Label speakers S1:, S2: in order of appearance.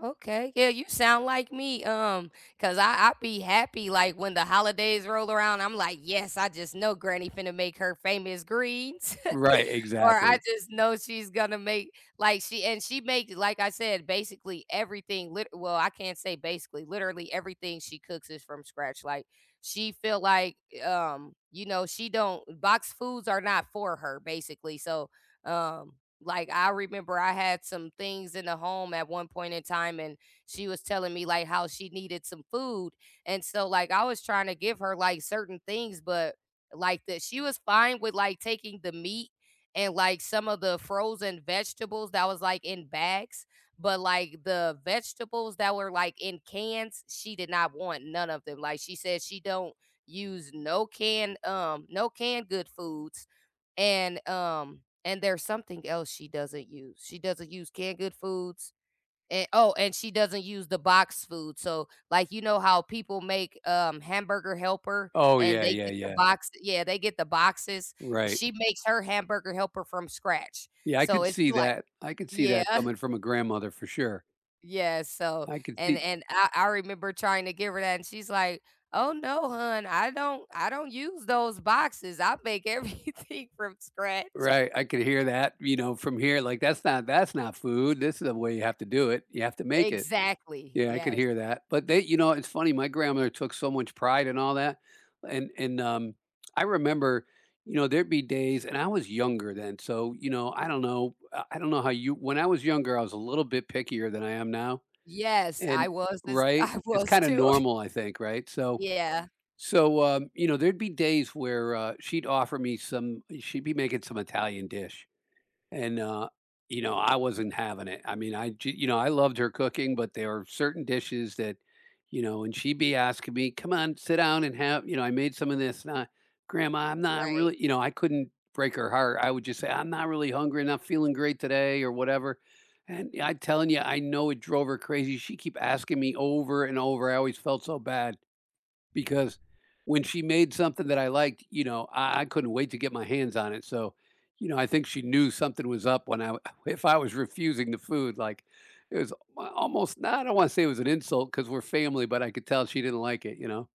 S1: Okay. Yeah, you sound like me, um, cause, uh, I'll be happy, like, when the holidays roll around, I'm like, "Yes, I just know granny gonna make her famous greens."
S2: Right,
S1: or I
S2: exactly.
S1: just know she's gonna make, like, she, and she makes, like I said, basically everything lit well, I can't say basically, literally everything she cooks is from scratch, like, she feel, like, um, you know, she don't boxed foods are not for her, basically, so, um, like, I remember I had some things in the home at one point in time and she was telling me, like, how she needed some food and so, like, I was trying to give her, like, certain things, but, like, that she was fine with, like, taking the meat and, like, some of the frozen vegetables that was, like, in bags, but, like, the vegetables that were, like, in cans, she did not want none of them. Like, she says she don't use no canned, um, no canned good foods and, um, and there's something else she doesn't use. She doesn't use canned good foods, and, oh, and she doesn't use the boxed food, so, like, you know, how people make, um, hamburger helper,
S2: Oh,
S1: and
S2: yeah,
S1: they
S2: yeah,
S1: get the
S2: yeah.
S1: box yeah, they get the boxes,
S2: Right.
S1: she makes her hamburger helper from scratch,
S2: Yeah, I
S1: so,
S2: could
S1: it's
S2: see
S1: like
S2: that. I could see that
S1: yeah.
S2: coming from a grandmother, for sure.
S1: Yeah, so,
S2: I could
S1: and,
S2: see
S1: and, uh, I remember trying to give her that, and she's like, "Oh, no, hun, I don't, I don't use those boxes. I make everything from scratch."
S2: Right, I could hear that, you know, from here, like, that's not that's not food. This is the way you have to do it. You have to make it.
S1: Exactly,
S2: Yeah, I could
S1: yes.
S2: hear that, but they, you know, it's funny, my grandmother took so much pride in all that, and and, um, I remember, you know, there'd be days and I was younger then, so, you know, I don't know, uh, I don't know how you when I was younger, I was a little bit pickier than I am now,
S1: Yes,
S2: and,
S1: I was this
S2: right?
S1: I
S2: It's,
S1: was,
S2: kinda,
S1: too.
S2: normal, I think, right? So,
S1: Yeah.
S2: so, um, you know, there'd be days where, uh, she'd offer me some i she'd be making some Italian dish, and, uh, you know,
S1: Okay.
S2: I wasn't having it. I mean I g you know, I loved her cooking, but there are certain dishes that, you know, and she'd be asking me, "Come on, sit down and have, you know, I made some of this sna" "Grandma, I'm not
S1: Right.
S2: really" you know, I couldn't break her heart. I would, just, say, "I'm not really hungry, I'm not feeling great today or whatever." And yeah, I'm telling you, I know it drove her crazy. She'd keep asking me over and over, I always felt so bad because when she made something that I liked, you know, uh, I couldn't wait to get my hands on it, so, you know, I think she knew something was up when I if I was refusing the food, like, is my almost, and I don't wanna say it was an insult 'cause we're family, but I could tell she didn't like it, you know.